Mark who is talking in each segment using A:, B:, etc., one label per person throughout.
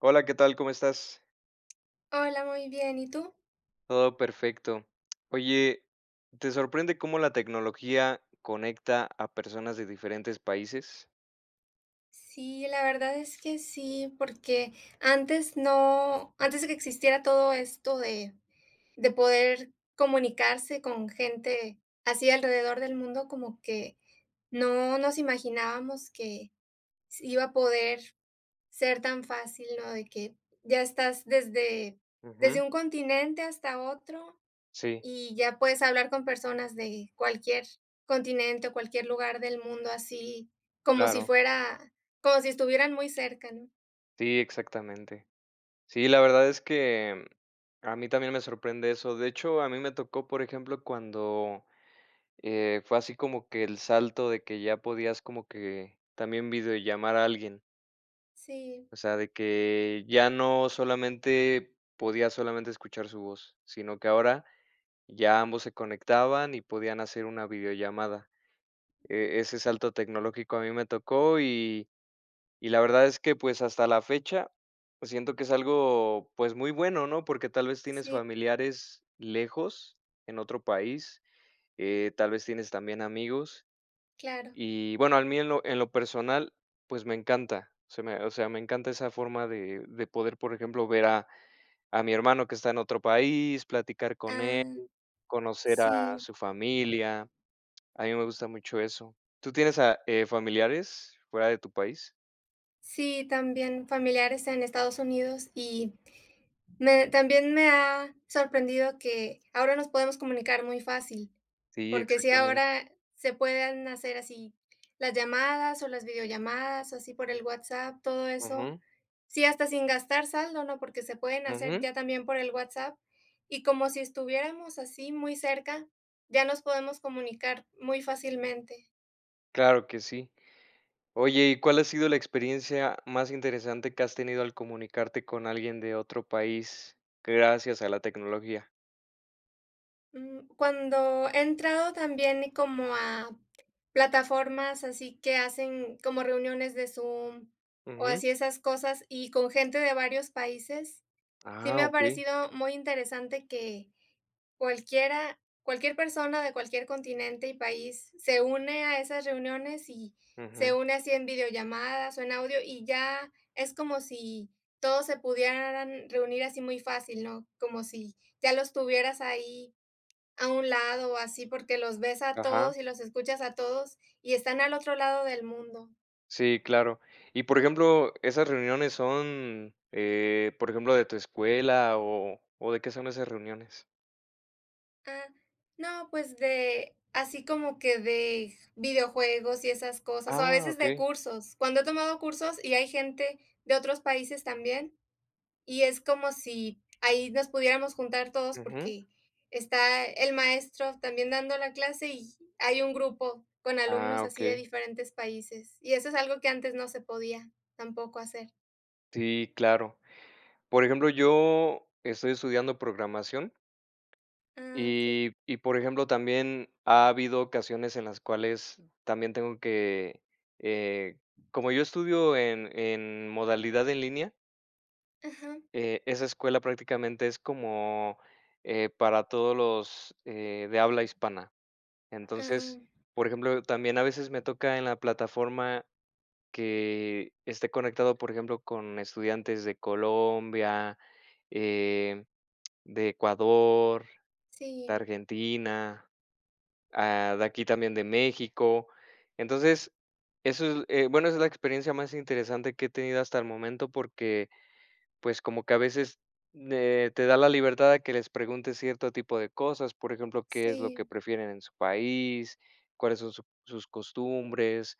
A: Hola, ¿qué tal? ¿Cómo estás?
B: Hola, muy bien, ¿y tú?
A: Todo perfecto. Oye, ¿te sorprende cómo la tecnología conecta a personas de diferentes países?
B: Sí, la verdad es que sí, porque antes no antes de que existiera todo esto de de poder comunicarse con gente así alrededor del mundo, como que no nos imaginábamos que se iba a poder ser tan fácil, ¿no? De que ya estás desde desde
A: Ujú.
B: un continente hasta otro,
A: Sí.
B: y ya puedes hablar con personas de cualquier continente o cualquier lugar del mundo, así como si
A: Claro.
B: fuera como si estuvieran muy cerca, ¿no?
A: Sí, exactamente. Sí, la verdad es que a mí también me sorprende eso. De hecho, a mí me tocó, por ejemplo, cuando, eh, fue así como que el salto de que ya podías como que también videollamar a alguien.
B: Sí.
A: O sea, de que ya no solamente podía solamente escuchar su voz, sino que ahora ya ambos se conectaban y podían hacer una videollamada. Eh, ese salto tecnológico a mí me tocó y y la verdad es que, pues, hasta la fecha, pues, siento que es algo, pues, muy bueno, ¿no? Porque tal vez tienes
B: Sí.
A: familiares lejos en otro país, eh, tal vez tienes también amigos.
B: Claro.
A: Y, bueno, a mí en lo en lo personal, pues me encanta. O sea me o sea me encanta esa forma de de poder, por ejemplo, ver a a mi hermano que está en otro país, platicar con él,
B: Ah.
A: conocer a
B: Sí.
A: su familia. A mí me gusta mucho eso. ¿Tú tienes a eh, familiares fuera de tu país?
B: Sí, también familiares en Estados Unidos, y me también me ha sorprendido que ahora nos podemos comunicar muy fácil,
A: Sí,
B: porque sí,
A: exactamente.
B: ahora se pueden hacer así las llamadas o las videollamadas, así por el WhatsApp, todo eso.
A: Ujú.
B: Sí, hasta sin gastar saldo, ¿no? Porque se pueden hacer
A: Ujú.
B: ya también por el WhatsApp. Y como si estuviéramos así, muy cerca, ya nos podemos comunicar muy fácilmente.
A: Claro que sí. Oye, ¿y cuál ha sido la experiencia más interesante que has tenido al comunicarte con alguien de otro país, gracias a la tecnología?
B: Mm, cuando he entrado también como a plataformas así que hacen como reuniones de Zoom o
A: Ujú.
B: así esas cosas y con gente de varios países, sí
A: Ah,
B: me ha
A: okey.
B: parecido muy interesante que cualquiera cualquier persona, de cualquier continente y país, se une a esas reuniones y se
A: Ujú.
B: une así en videollamadas o en audio. Y ya es como si todos se pudieran reunir así muy fácil, ¿no? Como si ya los tuvieras ahí a un lado o así, porque los ves a
A: Ajá.
B: todos y los escuchas a todos, y están al otro lado del mundo.
A: Sí, claro. Y, por ejemplo, esas reuniones son, eh, por ejemplo, de tu escuela o o, ¿de qué son esas reuniones?
B: Ah. No, pues de así como que de videojuegos y esas cosas, o a
A: ¡Ah!,
B: veces de
A: okey.
B: cursos. Cuando he tomado cursos y hay gente de otros países también. Y es como si ahí nos pudiéramos juntar todos
A: Ujú.
B: porque está el maestro también dando la clase y hay un grupo con
A: Ah,
B: alumnos así de
A: okey.
B: diferentes países, y eso es algo que antes no se podía tampoco hacer.
A: Sí, claro. Por ejemplo, yo estoy estudiando programación
B: Ah, okey.
A: y y, por ejemplo, también ha habido ocasiones en las cuales también tengo que, eh como yo estudio en en modalidad en línea
B: Ajá.
A: eh, esa escuela prácticamente es como, eh, para todos los, eh, de habla hispana.
B: Ah.
A: Entonces, por ejemplo, también a veces me toca en la plataforma que esté conectado, por ejemplo, con estudiantes de Colombia, eh, de Ecuador, de
B: Sí.
A: Argentina, ah, de aquí también de México. Entonces, eso es, eh, bueno, esa es la experiencia más interesante que he tenido hasta el momento, porque, pues, como que a veces, eh, te da la libertad de que les preguntes cierto tipo de cosas, por ejemplo, ¿qué es lo que
B: Sí.
A: prefieren en su país? ¿Cuáles son su sus costumbres?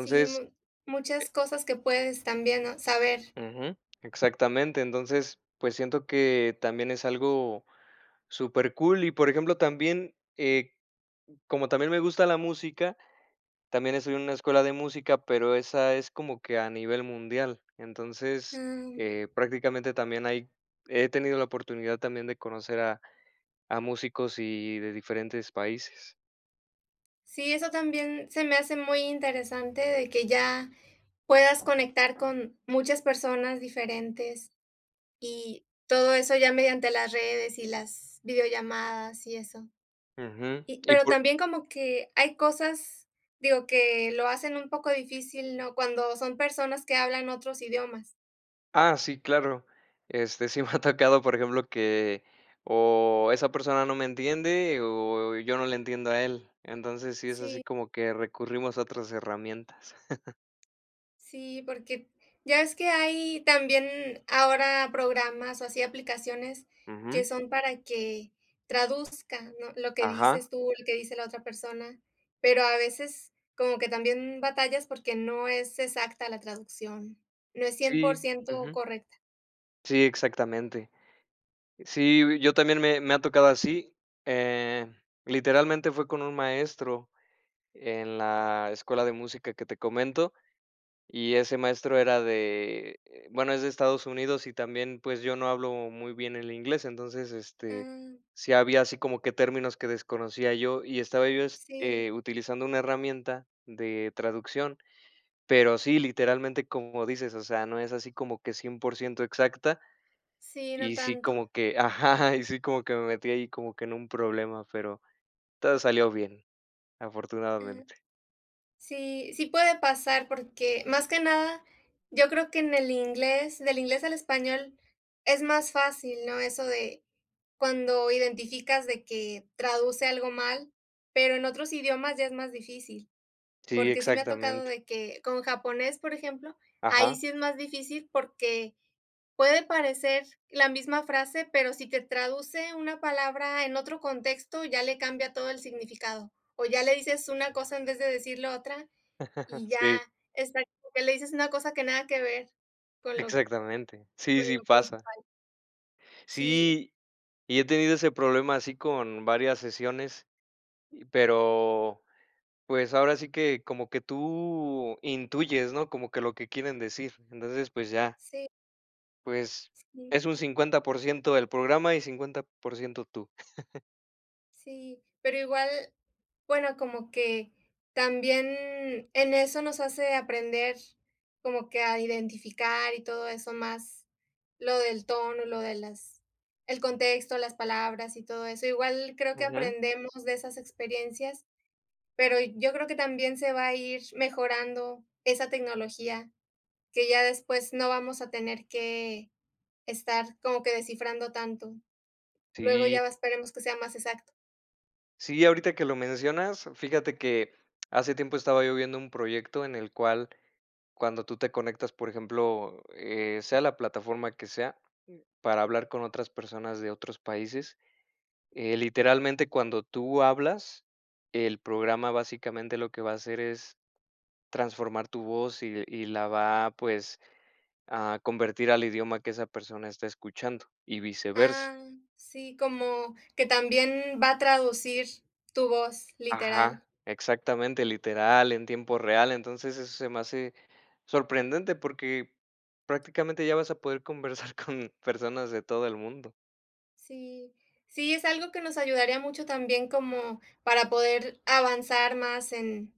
B: Sí, mu muchas
A: eh
B: cosas que puedes también, ¿no?, saber.
A: Ujú, exactamente. Entonces, pues siento que también es algo supercool, y, por ejemplo, también, eh, como también me gusta la música, también estoy en una escuela de música, pero esa es como que a nivel mundial. Entonces,
B: Ah.
A: eh, prácticamente, también hay he tenido la oportunidad también de conocer a a músicos y de diferentes países.
B: Sí, eso también se me hace muy interesante, de que ya puedas conectar con muchas personas diferentes, y todo eso ya mediante las redes y las videollamadas y eso.
A: Ujú,
B: Y
A: y
B: pero
A: por
B: también como que hay cosas, digo, que lo hacen un poco difícil, ¿no? Cuando son personas que hablan otros idiomas.
A: Ah, sí, claro. Este, sí me ha tocado, por ejemplo, que o esa persona no me entiende, o yo no le entiendo a él. Entonces, sí es así
B: Sí.
A: como que recurrimos a otras herramientas.
B: Sí, porque ya ves que hay también ahora programas, o así, aplicaciones que
A: Ujú.
B: son para que traduzcan, ¿no? Lo que
A: Ajá.
B: dices tú, lo que dice la otra persona, pero a veces como que también batallas porque no es exacta la traducción, no es cien por
A: Sí.
B: ciento
A: ujú.
B: correcta.
A: Sí, exactamente. Sí, yo también me me ha tocado así, eh, literalmente, fue con un maestro en la escuela de música que te comento, y ese maestro era de, bueno, es de Estados Unidos y también, pues, yo no hablo muy bien el inglés. Entonces, este,
B: Ah.
A: sí había así como que términos que desconocía yo, y estaba yo,
B: Sí.
A: eh, utilizando una herramienta de traducción. Pero sí, literalmente, como dices, o sea, no es así como que 100 exacta.
B: Sí, no
A: Y sí
B: tanto.
A: como que ajá, y sí como que me metí ahí como que en un problema, pero todo salió bien,
B: Mm.
A: afortunadamente.
B: Sí, sí, puede pasar, porque más que nada, yo creo que en el inglés, del inglés al español es más fácil, ¿no? Eso de cuando identificas de que traduce algo mal, pero en otros idiomas ya es más difícil.
A: Sí,
B: Porque sí me ha tocado
A: exactamente.
B: de que con japonés, por ejemplo, ahí
A: Ajá.
B: sí es más difícil porque puede parecer la misma frase, pero si te traduce una palabra en otro contexto, ya le cambia todo el significado. O ya le dices una cosa en vez de decir lo otra, y ya
A: Sí.
B: está como que le dices una cosa que nada que ver con lo
A: Exactamente.
B: con
A: Sí, sí
B: lo que es
A: pasa.
B: igual. Sí.
A: Sí, y he tenido ese problema así con varias sesiones, pero, pues, ahora sí que como que tú intuyes, ¿no? Como que lo que quieren decir. Entonces, pues ya.
B: Sí.
A: Pues,
B: Sí.
A: es un 50% del programa y, 50% tú.
B: Sí, pero igual, bueno, como que también en eso nos hace aprender como que a identificar y todo eso, más lo del tono, lo de las el contexto, las palabras y todo eso. Igual creo que
A: Ujú.
B: aprendemos de esas experiencias, pero yo creo que también se va a ir mejorando esa tecnología, que ya después no vamos a tener que estar como que descifrando tanto. Luego
A: Sí.
B: ya va esperemos que sea más exacto.
A: Sí, ahorita que lo mencionas, fíjate que hace tiempo estaba yo viendo un proyecto en el cual cuando tú te conectas, por ejemplo, eh, sea la plataforma que sea, para hablar con otras personas de otros países, eh, literalmente, cuando tú hablas, el programa básicamente lo que va hacer es transformar tu voz y y la va, pues, a convertir al idioma que esa persona está escuchando y viceversa.
B: Ah. Sí, como que también va a traducir tu voz, literal.
A: Ajá, exactamente, literal, en tiempo real, entonces eso se me hace sorprendente porque prácticamente ya vas a poder conversar con personas de todo el mundo.
B: Sí, sí, es algo que nos ayudaría mucho también como para poder avanzar más en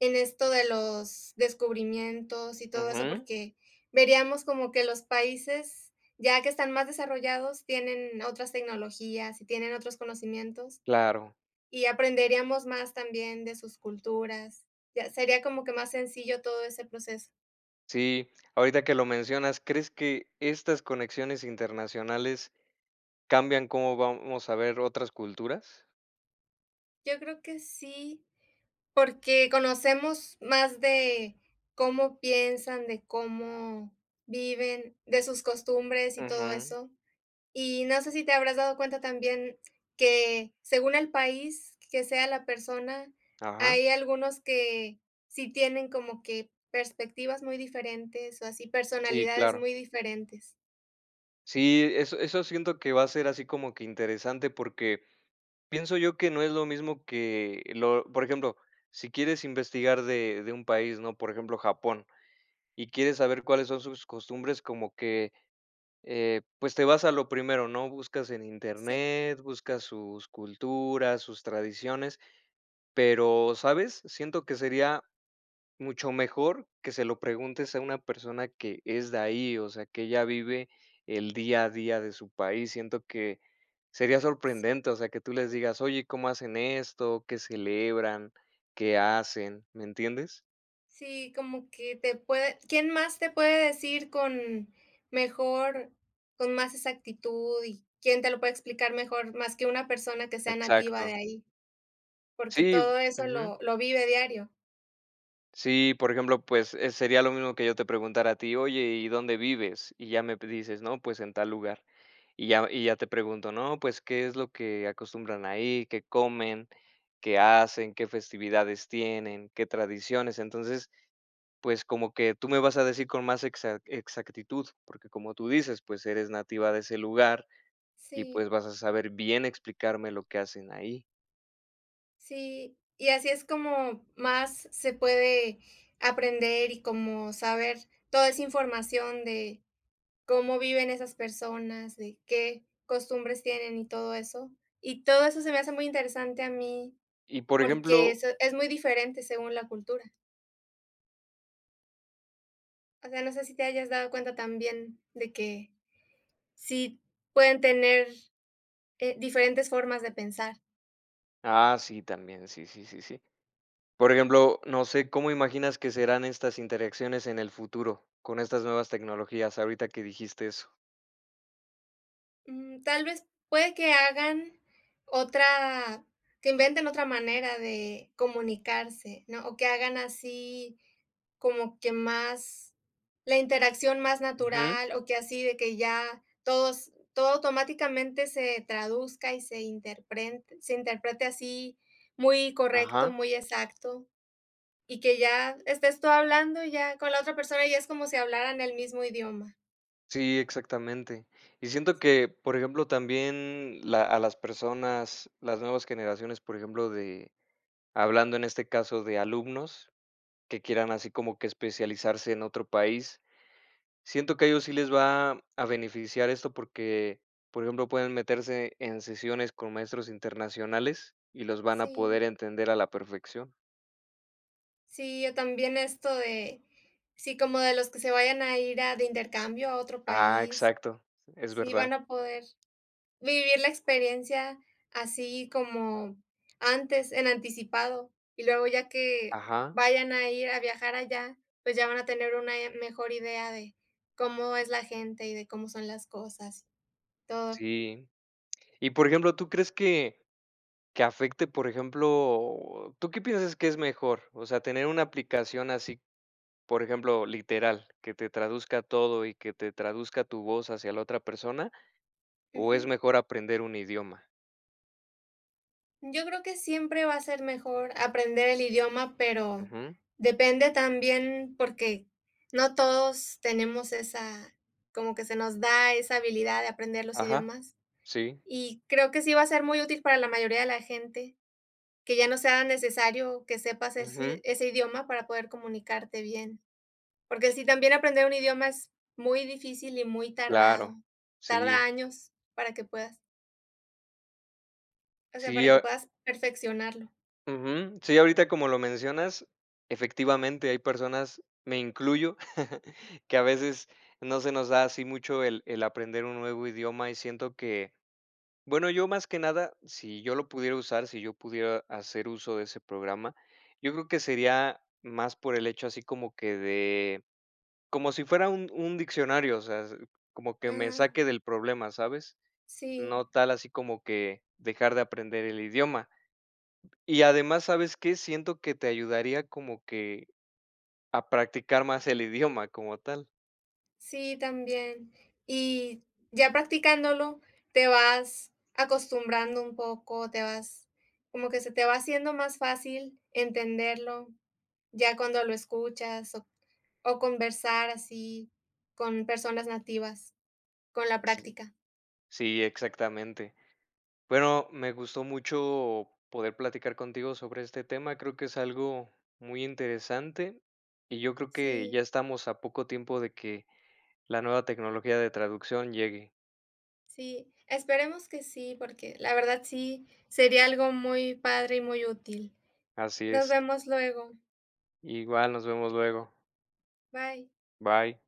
B: en esto de los descubrimientos y todo eso,
A: Ajá.
B: porque veríamos como que los países ya que están más desarrollados tienen otras tecnologías, y tienen otros conocimientos,
A: Claro.
B: y aprenderíamos más también de sus culturas. Ya sería como que más sencillo todo ese proceso.
A: Sí, ahorita que lo mencionas, ¿crees que estas conexiones internacionales cambian como vamos a ver otras culturas?
B: Yo creo que sí, porque conocemos más de cómo piensan, de cómo viven, de sus costumbres y todo
A: Ujú.
B: eso. Y no sé sí, te habrás dado cuenta también, que según el país que sea la persona,
A: Ajá.
B: hay algunos que sí tienen como que perspectivas muy diferentes, o así
A: Sí,
B: personalidades
A: claro.
B: muy diferentes.
A: Sí, eso eso siento que va a ser así como que interesante, porque pienso yo que no es lo mismo, que lo por ejemplo, sí quieres investigar de de un país, ¿no?, por ejemplo, Japón, y quieres saber cuáles son sus costumbres, como que, eh, pues, te vas a lo primero, ¿no?, buscas en
B: Sí.
A: Internet, buscas sus culturas, sus tradiciones, pero, ¿sabes?, siento que sería mucho mejor que se lo preguntes a una persona que es de ahí, o sea, que ella vive el día a día de su país. Siento que sería
B: Sí.
A: sorprendente, o sea, que tú les digas: "Oye, ¿cómo hacen esto?, ¿qué celebran? ¿qué hacen?", ¿me entiendes?
B: Sí, como que te puede ¿quién más te puede decir con mejor con más exactitud y quién te lo puede explicar mejor más que una persona que sea nativa de
A: Exacto.
B: ahí? Porque
A: Sí,
B: todo eso
A: Ujú.
B: lo lo vive diario.
A: Sí, por ejemplo, pues, eh, sería lo mismo que yo te preguntara a ti: "Oye, ¿y dónde vives? "Y ya me p dices: "No, pues en tal lugar". Y ya y ya te pregunto: "No, pues, ¿qué es lo que acostumbran ahí? ¿Qué comen? ¿Qué hacen? ¿Qué festividades tienen? ¿Qué tradiciones?" Entonces, pues, como que tú me vas a decir con más exac exactitud, porque, como tú dices, pues, eres nativa de ese lugar y
B: Sí.
A: pues vas a saber bien explicarme lo que hacen ahí.
B: Sí, y así es como más se puede aprender y como saber toda esa información de cómo viven esas personas, de qué costumbres tienen y todo eso. Y todo eso se me hace muy interesante a mí,
A: Y, por
B: porque
A: ejemplo
B: eso es muy diferente según la cultura. O sea, no sé si te hayas dado cuenta también de que sí pueden tener, eh, diferentes formas de pensar.
A: Ah, sí, también, sí, sí, sí, sí, sí. Por ejemplo, no sé cómo imaginas que serán estas interacciones en el futuro con estas nuevas tecnologías ahorita que dijiste eso.
B: Mm, tal vez, puede que hagan, otra que inventen otra manera de comunicarse, ¿no?, o que hagan así, como que más, la interacción más
A: Ujú.
B: natural, o que así de que ya todos todo automáticamente se traduzca y se interpren se interprete así muy correcto,
A: Ajá.
B: muy exacto, y que ya estés tú hablando ya con la otra persona y es como si hablaran el mismo idioma.
A: Sí, exactamente, y siento que, por ejemplo, también la a las personas, las nuevas generaciones, por ejemplo, de hablando, en este caso, de alumnos que quieran así como que especializarse en otro país, siento que a ellos sí les va a beneficiar esto porque, por ejemplo, pueden meterse en sesiones con maestros internacionales y los van a
B: Sí.
A: poder entender a la perfección.
B: Sí, o también esto de, si como de los que se vayan a ir, ah, de intercambio a otro
A: Ah,
B: país,
A: exacto, es
B: sí
A: verdad.
B: van a poder vivir la experiencia así como antes, en anticipado, y luego ya que,
A: Ajá.
B: vayan a ir a viajar allá, pues, ya van a tener una i mejor idea de cómo es la gente y de cómo son las cosas, todo.
A: Sí, y por ejemplo, ¿tú crees que que afecte, por ejemplo, tú qué piensas que es mejor, o sea, tener una aplicación así, por ejemplo, literal, que te traduzca todo y que te traduzca tu voz hacia la otra persona, o es
B: Ujú.
A: mejor aprender un idioma?
B: Yo creo que siempre va a ser mejor aprender el idioma, pero
A: Ujú.
B: depende también, porque no todos tenemos esa como que se nos da esa habilidad de aprender los
A: Ajá,
B: idiomas.
A: sí.
B: Y creo que sí va a ser muy útil para la mayoría de la gente, que ya no sea necesario que sepas ese
A: Ujú.
B: id ese idioma para poder comunicarte bien. Porque sí, también aprender un idioma es muy difícil y muy
A: Claro,
B: tardado. Tarda
A: sí.
B: años, para que puedas o sea, para
A: Sí
B: que
A: o.
B: puedas perfeccionarlo.
A: Ujú. Sí, ahorita, como lo mencionas, efectivamente, hay personas, me incluyo, que a veces no se nos da así mucho el el aprender un nuevo idioma y siento que bueno, yo más que nada, sí yo lo pudiera usar, sí yo pudiera hacer uso de ese programa, yo creo que sería más por el hecho así como que de como si fuera un un diccionario, o sea s como que me
B: Ujú.
A: saque del problema ¿sabes? No
B: Sí.
A: tal así como que dejar de aprender el idioma. Y además ¿sabes qué? Siento que te ayudaría como que, a practicar más el idioma como tal.
B: Sí, también. Y, ya practicándolo te vas acostumbrando un poco, te vas, como que se te va haciendo más fácil entenderlo ya cuando lo escuchas o o conversar así con personas nativas, con la
A: Sí.
B: práctica.
A: Sí, exactamente. Bueno, me gustó mucho poder platicar contigo sobre este tema, creo que es algo muy interesante, y yo creo que ya
B: Sí.
A: estamos a poco tiempo de que la nueva tecnología de traducción llegue.
B: Sí, esperemos que sí, porque la verdad sí sería algo muy padre y muy útil.
A: Así
B: Nos
A: es.
B: vemos luego.
A: Igual nos vemos luego.
B: Bye.
A: Bye.